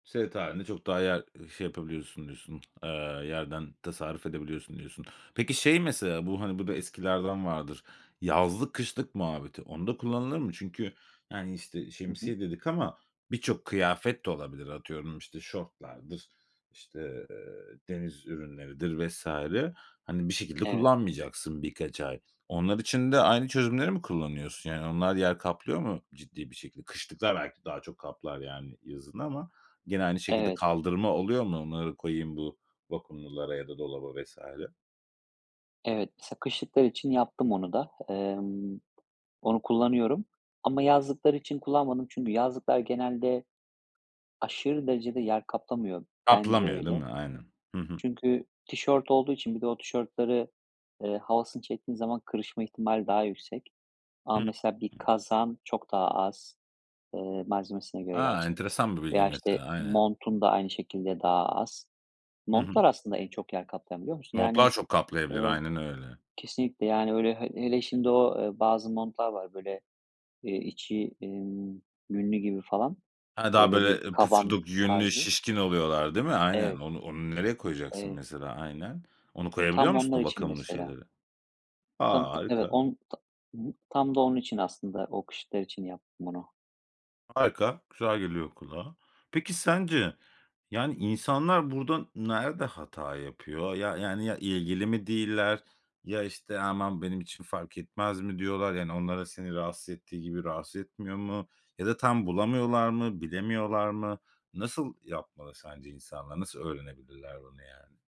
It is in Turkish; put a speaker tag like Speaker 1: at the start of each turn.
Speaker 1: Seyahat hâlinde çok daha yer, ııı, şey yapabiliyorsun diyorsun, eee, yerden tasarruf edebiliyorsun diyorsun. Peki, şey mesela bu, hani, bu da eskilerden vardır: yazlık kışlık muhabbeti. Onda kullanılır mı? Çünkü, yani, işte,
Speaker 2: Hı hı.
Speaker 1: "şemsiye" dedik ama birçok kıyafet de olabilir. Atıyorum, işte, şortlardır, işte, eee, deniz ürünleridir vs. Hani bir şekilde
Speaker 2: Evet.
Speaker 1: kullanmayacaksın birkaç ay. Onlar için de aynı çözümleri mi kullanıyorsun yani? Onlar yer kaplıyor mu ciddi bir şekilde? Kışlıklar belki daha çok kaplar, yani, yazın ama gene aynı şekilde
Speaker 2: Evet.
Speaker 1: kaldırma oluyor mu onları koyayım bu vakumlulara ya da dolaba vs.
Speaker 2: Evet. Mesela kışlıklar için yaptım onu da. Emm, onu kullanıyorum ama yazlıklar için kullanmadım. Çünkü yazlıklar genelde aşırı derecede yer kaplamıyor. Bence
Speaker 1: Kaplamıyor, değil
Speaker 2: öyle.
Speaker 1: mi? Aynen. Hı hı.
Speaker 2: Çünkü tişört olduğu için bir de o tişörtlerin, eee, havasını çektiğin zaman kırışma ihtimali daha yüksek.
Speaker 1: Hı
Speaker 2: Ama mesela bir
Speaker 1: hı.
Speaker 2: kazağın çok daha az Eee, malzemesine göre
Speaker 1: A,
Speaker 2: gerçi de
Speaker 1: enteresan bir bilgi
Speaker 2: veya, işte,
Speaker 1: mesela. Aynen.
Speaker 2: montun da aynı şekilde daha az.
Speaker 1: Hı hı.
Speaker 2: Montlar aslında en çok yer kaplayan biliyor musun?
Speaker 1: Montlar
Speaker 2: Yani,
Speaker 1: çok kaplayabilir
Speaker 2: eee
Speaker 1: aynen öyle.
Speaker 2: Kesinlikle, yani, öyle. He hele şimdi o, eee, bazı montlar var böyle, iii, içi, emm, yünlü gibi falan
Speaker 1: He, daha
Speaker 2: böyle bir
Speaker 1: böyle, eee,
Speaker 2: kaban
Speaker 1: pufuduk, yünlü,
Speaker 2: tarzı.
Speaker 1: şişkin oluyorlar, değil mi? Aynen.
Speaker 2: Evet.
Speaker 1: On onu nereye koyacaksın
Speaker 2: Evet.
Speaker 1: mesela? Aynen. Onu koyabiliyor
Speaker 2: Tam
Speaker 1: musun
Speaker 2: onlar
Speaker 1: o
Speaker 2: için
Speaker 1: vakumlu
Speaker 2: mesela.
Speaker 1: şeylere? A,
Speaker 2: Tam ta Evet.
Speaker 1: harika.
Speaker 2: On tam Hı hı. Tam da onun için aslında o kışlıklar için yaptım bunu.
Speaker 1: Harika, güzel geliyor kulağa. Peki, sence, yani, insanlar burada nerede hata yapıyor? Ya yani, ya, ilgili mi değiller, ya işte aman benim için fark etmez mi diyorlar, yani onları seni rahatsız ettiği gibi rahatsız etmiyor mu? Ya da tam bulamıyorlar mı, bilemiyorlar mı? Nasıl yapmalı sence insanlar? Nasıl öğrenebilirler bunu yani?